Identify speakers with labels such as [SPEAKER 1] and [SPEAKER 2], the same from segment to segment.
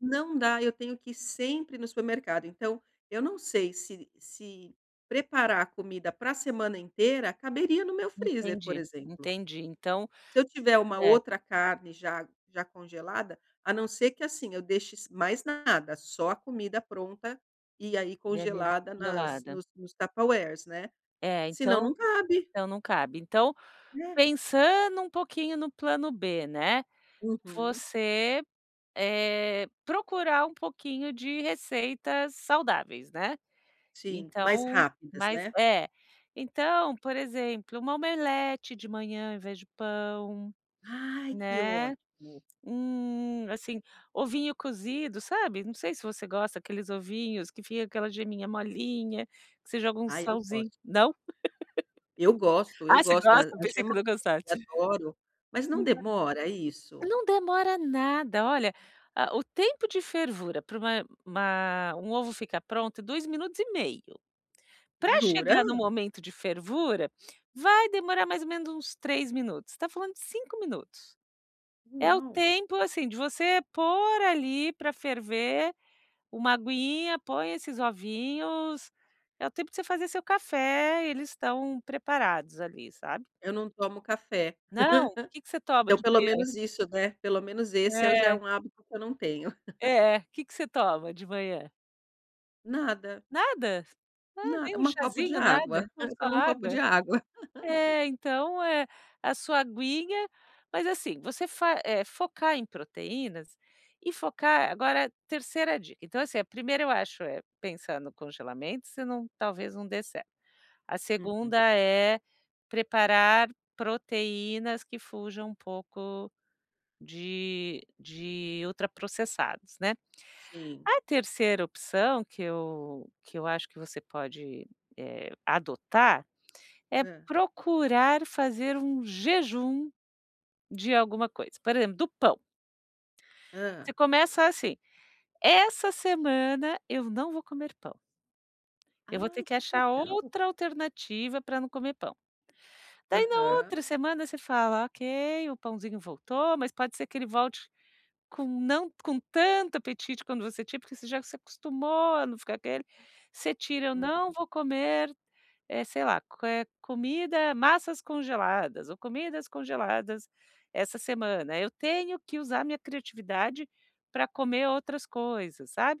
[SPEAKER 1] Não dá, eu tenho que ir sempre no supermercado, então, eu não sei se se preparar a comida para semana inteira caberia no meu freezer, por
[SPEAKER 2] Entendi,
[SPEAKER 1] exemplo.
[SPEAKER 2] entendi. Então
[SPEAKER 1] Se eu tiver uma
[SPEAKER 2] é.
[SPEAKER 1] outra carne já já congelada, a não ser que, assim, eu deixe s mais nada, só a comida pronta, e aí
[SPEAKER 2] E ai
[SPEAKER 1] congelada nas
[SPEAKER 2] congelada.
[SPEAKER 1] nos nos Tupperwares, né,
[SPEAKER 2] É,
[SPEAKER 1] senão,
[SPEAKER 2] então
[SPEAKER 1] não cabe.
[SPEAKER 2] não, não cabe. Então,
[SPEAKER 1] É.
[SPEAKER 2] pensando um pouquinho no plano B, né,
[SPEAKER 1] Uhum.
[SPEAKER 2] você, eh, procurar um pouquinho de receitas saudáveis, né,
[SPEAKER 1] Sim, mais
[SPEAKER 2] então,
[SPEAKER 1] rápidas,
[SPEAKER 2] mas
[SPEAKER 1] né.
[SPEAKER 2] é. Então, por exemplo, uma omelete de manhã ao invés de pão,
[SPEAKER 1] Ai que
[SPEAKER 2] né,
[SPEAKER 1] ótimo.
[SPEAKER 2] hum, assim, ovinho cozido, sabe? Não sei se você gosta aqueles ovinhos que fica aquela geminha molinha, que você joga um
[SPEAKER 1] Ai, eu gosto.
[SPEAKER 2] salzin não?
[SPEAKER 1] Eu gosto, eu
[SPEAKER 2] Ah, você
[SPEAKER 1] gosto da
[SPEAKER 2] gosta?
[SPEAKER 1] acho
[SPEAKER 2] Pensei
[SPEAKER 1] é
[SPEAKER 2] que
[SPEAKER 1] um
[SPEAKER 2] não gostasse.
[SPEAKER 1] adoro, mas não
[SPEAKER 2] [unintelligible]
[SPEAKER 1] demora isso?
[SPEAKER 2] Não demora nada, olha, a o tempo de fervura pra uma uma um ovo ficar pronto é 2 minutos e meio. Pra
[SPEAKER 1] Jura?
[SPEAKER 2] chegar no momento de fervura, vai demorar mais ou menos uns 3 minutos, está falando de 5 minutos. É o
[SPEAKER 1] Uau.
[SPEAKER 2] tempo, assim, de você pôr ali pra ferver uma aguinha, põe esses ovinhos, é o tempo de você fazer seu café, eles estão preparados ali, sabe.
[SPEAKER 1] Eu não tomo café.
[SPEAKER 2] Não? Que que você toma
[SPEAKER 1] Então
[SPEAKER 2] de
[SPEAKER 1] pelo
[SPEAKER 2] manhã?
[SPEAKER 1] menos isso, né, pelo menos esse eu já é
[SPEAKER 2] É.
[SPEAKER 1] um hábito que eu não tenho.
[SPEAKER 2] É. Que que você toma de manhã?
[SPEAKER 1] Nada.
[SPEAKER 2] Nada? Ah,
[SPEAKER 1] Nad
[SPEAKER 2] nem um
[SPEAKER 1] uma copo de
[SPEAKER 2] cházinho, nada?
[SPEAKER 1] água.
[SPEAKER 2] então,
[SPEAKER 1] Eu
[SPEAKER 2] só
[SPEAKER 1] tomo um copo
[SPEAKER 2] água.
[SPEAKER 1] de água.
[SPEAKER 2] É, então, é. A sua aguinha mas, assim, você fa eh, focar em proteínas, e focar agora 3ª dica, então, assim, a 1ª, eu acho, é pensar no congelamento se não talvez não dê certo. A
[SPEAKER 1] Uhum.
[SPEAKER 2] 2ª é preparar proteínas que fujam um pouco de de ultraprocessados, né.
[SPEAKER 1] Sim.
[SPEAKER 2] A 3ª opção que eu que eu acho que você pode, eh, adotar, é
[SPEAKER 1] Hã.
[SPEAKER 2] procurar fazer um jejum de alguma coisa, por exemplo, do pão você
[SPEAKER 1] Hã.
[SPEAKER 2] começa assim, essa semana eu não vou comer pão, eu vou ter
[SPEAKER 1] Ai
[SPEAKER 2] que
[SPEAKER 1] que
[SPEAKER 2] achar
[SPEAKER 1] legal.
[SPEAKER 2] outra alternativa pra não comer pão. Daí na outra
[SPEAKER 1] Aham.
[SPEAKER 2] semana você fala: "Ok, o pãozinho voltou", mas pode ser que ele volte com não com tanto apetite quanto você tinha, porque você já se acostumou a não ficar aquele, você tira ou "não
[SPEAKER 1] Uhum.
[SPEAKER 2] vou comer, eh, sei lá, eh, co comida, massas congeladas ou comidas congeladas essa semana, eu tenho que usar minha criatividade para comer outras coisas.", sabe.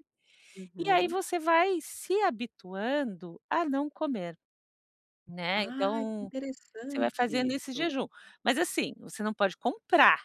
[SPEAKER 2] E aí
[SPEAKER 1] Uhum.
[SPEAKER 2] você vai se habituando a não comer, né,
[SPEAKER 1] Ah, que
[SPEAKER 2] então, você vai
[SPEAKER 1] interessante
[SPEAKER 2] fazendo esse
[SPEAKER 1] isso.
[SPEAKER 2] jejum. Mas, assim, você não pode comprar.